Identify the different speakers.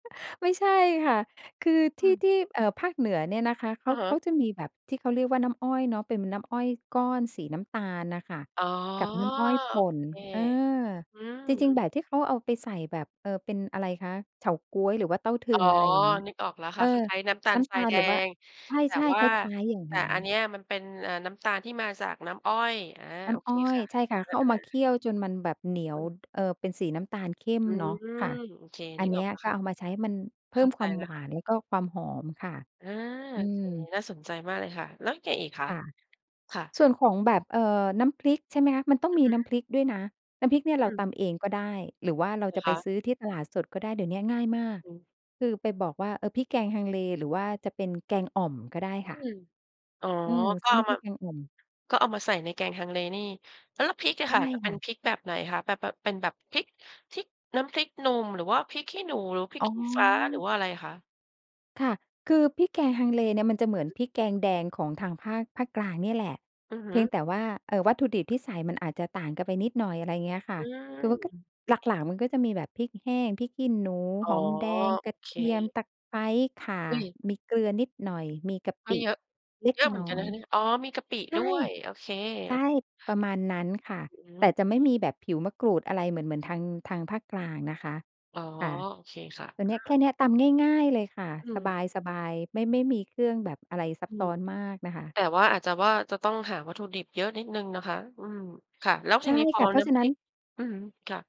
Speaker 1: ไม่ใช่ค่ะ คือ
Speaker 2: อ
Speaker 1: ท
Speaker 2: ื
Speaker 1: ี่
Speaker 2: ม
Speaker 1: ที่ เอ่อ ภาคเหนือเนี่ยนะคะเข
Speaker 2: อื
Speaker 1: า
Speaker 2: อฮ
Speaker 1: เ
Speaker 2: ึ
Speaker 1: ขาจะมีแบบที่เขาเรียกว่า น้ำอ้อยเนาะ เป็น ม น้ำอ้อยก้อนสีน้ำตาลน่ะค่ะ
Speaker 2: อ๋อ
Speaker 1: กับน้ำอ้อย
Speaker 2: โ
Speaker 1: ป
Speaker 2: อ
Speaker 1: ่น
Speaker 2: เค
Speaker 1: เออ
Speaker 2: อืม
Speaker 1: จริง ๆ แบบที่เขาเอาไปใส่แบบ เอ่อ เป็นอะไรคะ เฉาก๊วยหรือว่าเต้าทึ
Speaker 2: อ๋อ
Speaker 1: ง อะไรอย่างเงี้ย
Speaker 2: นึกออกแล้ว
Speaker 1: เ
Speaker 2: ค
Speaker 1: อ
Speaker 2: ่ะ
Speaker 1: อ
Speaker 2: คล้าย ๆ น้ำตา
Speaker 1: น
Speaker 2: ล
Speaker 1: ้
Speaker 2: ท
Speaker 1: ำต
Speaker 2: รา
Speaker 1: า
Speaker 2: ย
Speaker 1: ล
Speaker 2: แด
Speaker 1: หรือว่า
Speaker 2: ง แต่
Speaker 1: ใช่
Speaker 2: ว
Speaker 1: ๆ
Speaker 2: ่า
Speaker 1: คล้าย ๆ อย่าง
Speaker 2: แต
Speaker 1: ง
Speaker 2: ่
Speaker 1: ั้
Speaker 2: อัน
Speaker 1: น
Speaker 2: เนี้ยมันเป็น เอ่อ น้ำตาลที่มาจากน้ำอ้อย อา
Speaker 1: น้
Speaker 2: โอ
Speaker 1: ำอ
Speaker 2: เค
Speaker 1: ้อ
Speaker 2: ค
Speaker 1: ย
Speaker 2: ่ะ
Speaker 1: ใช่ค่ะ
Speaker 2: อ
Speaker 1: เข
Speaker 2: า
Speaker 1: ามาเคี
Speaker 2: ๆ
Speaker 1: ่ยวจนมันแบบเหนีย
Speaker 2: อ
Speaker 1: ว
Speaker 2: ืม
Speaker 1: เอ่อ เป็นสีน้ำตาลเข้ม
Speaker 2: อื
Speaker 1: เนาะ ค่
Speaker 2: ม
Speaker 1: ะ
Speaker 2: โอเค
Speaker 1: อ
Speaker 2: น
Speaker 1: ั
Speaker 2: ึ
Speaker 1: น
Speaker 2: ก
Speaker 1: เนี
Speaker 2: อ
Speaker 1: ้
Speaker 2: อก
Speaker 1: ย
Speaker 2: แล้ว
Speaker 1: ก็
Speaker 2: ค่ะ
Speaker 1: เอามาใช้ให้มันเพ
Speaker 2: เข
Speaker 1: ิ่
Speaker 2: ้
Speaker 1: ม
Speaker 2: าใ
Speaker 1: ค
Speaker 2: จ
Speaker 1: วาม
Speaker 2: แล้
Speaker 1: ห
Speaker 2: ว
Speaker 1: ว
Speaker 2: ค่
Speaker 1: า
Speaker 2: ะ
Speaker 1: นแล้วก็ความหอมค่ะ
Speaker 2: อา
Speaker 1: อื
Speaker 2: โอเค
Speaker 1: ม
Speaker 2: น่าสนใจมากเลยค่ะ แล้วไงอีกคะ?
Speaker 1: ค่ะ
Speaker 2: ค่ะ
Speaker 1: ส่วนของแบบ เอ่อ น้ำพริก ใช่ไหมคะ? มันต้อง
Speaker 2: อื
Speaker 1: ม
Speaker 2: อ
Speaker 1: ี
Speaker 2: ฮ
Speaker 1: น
Speaker 2: ึ
Speaker 1: ้ำพริกด้วยนะ น้ำพริกเนี่ย
Speaker 2: อ
Speaker 1: เรา
Speaker 2: ื
Speaker 1: ต
Speaker 2: ม
Speaker 1: ำเองก็ได้ หรือว่าเรา
Speaker 2: เหร
Speaker 1: จ
Speaker 2: อ
Speaker 1: ะไ
Speaker 2: ค
Speaker 1: ป
Speaker 2: ะ?
Speaker 1: ซื้อที่ตลาดสดก็ได้ เดี๋ยวเนี้ยง่ายมาก
Speaker 2: อืม
Speaker 1: คือไปบอกว่า เอ่อ พริกแกงฮังเล หรือว่าจะเป็นแกงอ่อมก็ได้ค
Speaker 2: อื
Speaker 1: ่ะ
Speaker 2: ม อ๋อ
Speaker 1: อืม
Speaker 2: ก
Speaker 1: ซ
Speaker 2: ็
Speaker 1: ื้อ
Speaker 2: เอ
Speaker 1: น
Speaker 2: า
Speaker 1: ้ำพ
Speaker 2: ม
Speaker 1: ริ
Speaker 2: า
Speaker 1: กแกงอ่อม
Speaker 2: ก็เอามาใส่ในแกงฮังเลนี่ แล้ว แล้วพริกอะ
Speaker 1: ใช
Speaker 2: ค
Speaker 1: ่
Speaker 2: ่ะจะเป
Speaker 1: ค
Speaker 2: ็
Speaker 1: ่
Speaker 2: น
Speaker 1: ะ
Speaker 2: พริกแบบไหนคะ? แบบ แบบเป็นแบบพริกทิก น้ำพริกหนุ่ม หรือว่าพริกขี้หนู หรือว่าพริ
Speaker 1: อ
Speaker 2: ก
Speaker 1: ๋อ
Speaker 2: ขี้ฟ้า หรือว่าอะไรอะคะ?
Speaker 1: ค่ะ คือพริกแกงฮังเลเนี่ย มันจะเหมือน
Speaker 2: อื
Speaker 1: พ
Speaker 2: ม
Speaker 1: ริกแกงแดงของทางภาค ภาคกลางเนี่ยแหละ
Speaker 2: อือฮ
Speaker 1: เพ
Speaker 2: ึ
Speaker 1: ียงแต่ว่า เอ่อ วัตถุดิบที่ใส่มันอาจจะต่างกันไปนิดหน่อย อะไรเงี้ยค่
Speaker 2: อ
Speaker 1: ะ
Speaker 2: ื
Speaker 1: คือมันก็
Speaker 2: ม
Speaker 1: หลัก ๆ มันก็จะมีแบบพริกแห้ง พริกขี้หนู
Speaker 2: อ๋
Speaker 1: ห
Speaker 2: อ
Speaker 1: อมแดง
Speaker 2: โอ
Speaker 1: กระ
Speaker 2: เ
Speaker 1: เทียม
Speaker 2: ค
Speaker 1: ตะไคร้ ข่า
Speaker 2: อุ๊ย!
Speaker 1: มีเกลือนิดหน่อย มีกะ
Speaker 2: ก็
Speaker 1: ปิ
Speaker 2: เยอะ
Speaker 1: เล็
Speaker 2: เ
Speaker 1: ก
Speaker 2: ยอะเหมื
Speaker 1: น
Speaker 2: อนก
Speaker 1: ้
Speaker 2: ัน
Speaker 1: อ
Speaker 2: นะ
Speaker 1: ย
Speaker 2: คะเนี่ย อ๋อ! มีกะปิ
Speaker 1: ใช
Speaker 2: ด
Speaker 1: ่
Speaker 2: ้วย โอเค
Speaker 1: ใช่
Speaker 2: ๆ
Speaker 1: ประมาณนั้นค่ะ
Speaker 2: อือฮ
Speaker 1: แ
Speaker 2: ึ
Speaker 1: ต่จะไม่มีแบบผิวมะกรูดอะไรเหมือน เหมือนทาง ทางภาคกลางนะคะ
Speaker 2: อ๋อ
Speaker 1: ค่ะ
Speaker 2: โอเคค่ะ
Speaker 1: ตัว
Speaker 2: อื
Speaker 1: เนี้ย แค
Speaker 2: ม
Speaker 1: ่เนี้ย ตำง่าย ๆ เลยค่ะ
Speaker 2: อื
Speaker 1: ส
Speaker 2: ม
Speaker 1: บาย ๆ ไม่ ไม่มีเครื่องแบบอะไรซั
Speaker 2: อ
Speaker 1: บ
Speaker 2: ื
Speaker 1: ซ
Speaker 2: ม
Speaker 1: ้อนมากน่ะค่ะ
Speaker 2: แต่ว่า อาจจะว่า จะต้องหาวัตถุดิบเยอะนิดหนึ่งนะคะ อืม ค่ะ แล้ว
Speaker 1: ใ
Speaker 2: ท
Speaker 1: ช
Speaker 2: ี
Speaker 1: ่
Speaker 2: นี้พ
Speaker 1: ค
Speaker 2: อ
Speaker 1: ่ะ เพรา
Speaker 2: น
Speaker 1: ะ
Speaker 2: ้
Speaker 1: ฉะ
Speaker 2: ำพ
Speaker 1: นั
Speaker 2: ร
Speaker 1: ้
Speaker 2: ิ
Speaker 1: น
Speaker 2: ก อือฮึ ค่ะ